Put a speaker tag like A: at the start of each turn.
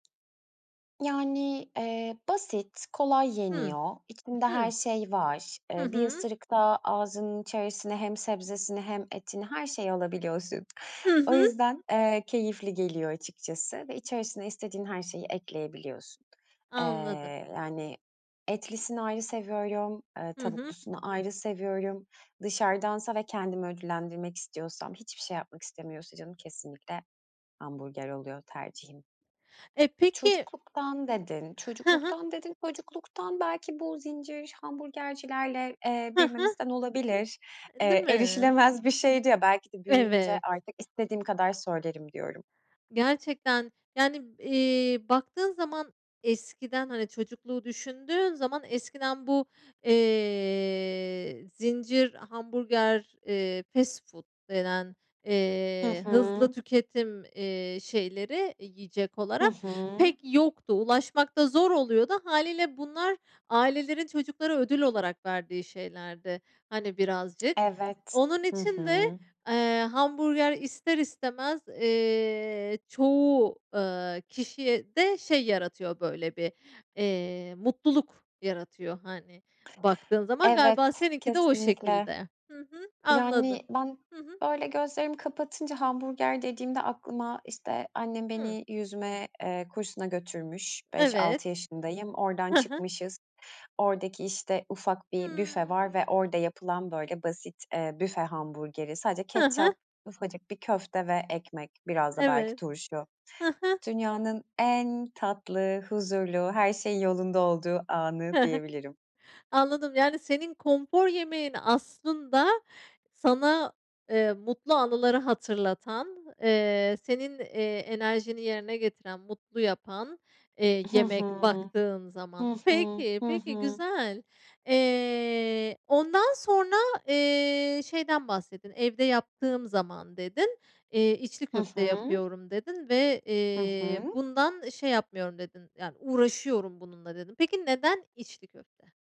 A: Yani, eee, basit, kolay
B: Hımm.
A: yeniyor, içinde her
B: Hı.
A: şey var.
B: Hı
A: Eee, bir
B: hı.
A: ısırıkta ağzının içerisine hem sebzesini hem etini, her şeyi alabiliyorsun.
B: Hı
A: O
B: hı.
A: yüzden, eee, keyifli geliyor açıkçası ve içerisine istediğin her şeyi ekleyebiliyorsun. Eee,
B: Anladım.
A: yani etlisini ayrı seviyorum, eee,
B: Hı hı.
A: tavuklusunu ayrı seviyorum. Dışarıdansa ve kendimi ödüllendirmek istiyorsam, hiçbir şey yapmak istemiyorsa canım, kesinlikle hamburger oluyor tercihim.
B: E, peki
A: Çocukluktan dedin,
B: Hı hı.
A: çocukluktan dedin, çocukluktan belki bu zincir hamburgercilerle, eee,
B: Hı hı.
A: büyümemizden olabilir.
B: E, değil
A: Eee,
B: mi?
A: erişilemez bir şeydi ya, belki de büyüyünce
B: Evet.
A: artık istediğim kadar söylerim diyorum.
B: Gerçekten, yani, eee, baktığın zaman eskiden hani, çocukluğu düşündüğün zaman eskiden bu, eee, zincir hamburger, eee, fast food denen,
A: Hı
B: eee, hızlı
A: hı.
B: tüketim, eee, şeyleri yiyecek
A: Hı
B: olarak
A: hı.
B: pek yoktu. Ulaşmak da zor oluyordu. Hâliyle bunlar ailelerin çocuklara ödül olarak verdiği şeylerdi, hani, birazcık.
A: Evet.
B: Onun
A: Hı
B: için de,
A: hı.
B: eee, hamburger ister istemez, eee, çoğu, ııı, kişiye de şey yaratıyor, böyle, bir, eee, mutluluk yaratıyor, hani, baktığın zaman.
A: Evet,
B: Galiba seninki de o
A: kesinlikle.
B: şekilde. Hı hı, anladım.
A: Yani, ben,
B: Hı hı.
A: böyle, gözlerimi kapatınca hamburger dediğimde aklıma, işte, annem
B: Hı.
A: beni yüzme, eee, kursuna götürmüş. 5-6
B: Evet.
A: yaşındayım. Oradan
B: Hı hı.
A: çıkmışız. Oradaki, işte, ufak bir büfe var
B: Hımm.
A: ve orada yapılan böyle basit, eee, büfe hamburgeri. Sadece
B: Hı hı.
A: ketçap, ufacık bir köfte ve ekmek, biraz da belki
B: Evet.
A: turşu.
B: Hı hı.
A: Dünyanın en tatlı, huzurlu, her şeyin yolunda olduğu anı
B: Hı hı.
A: diyebilirim.
B: Anladım, yani, senin konfor yemeğin aslında sana, eee, mutlu anıları hatırlatan, eee, senin, eee, enerjini yerine getiren, mutlu yapan, eee,
A: Hı
B: yemek
A: hı.
B: baktığın zaman.
A: Hı hı,
B: Peki,
A: hı
B: peki,
A: hı.
B: güzel. Eee, ondan sonra, eee, şeyden bahsettin, "Evde yaptığım zaman." dedin. Eee, "İçli
A: Hı
B: köfte
A: hı.
B: yapıyorum." dedin ve,
A: Hı
B: eee,
A: hı.
B: "Bundan şey yapmıyorum." dedin. Yani "Uğraşıyorum bununla." dedin. Peki, neden içli köfte?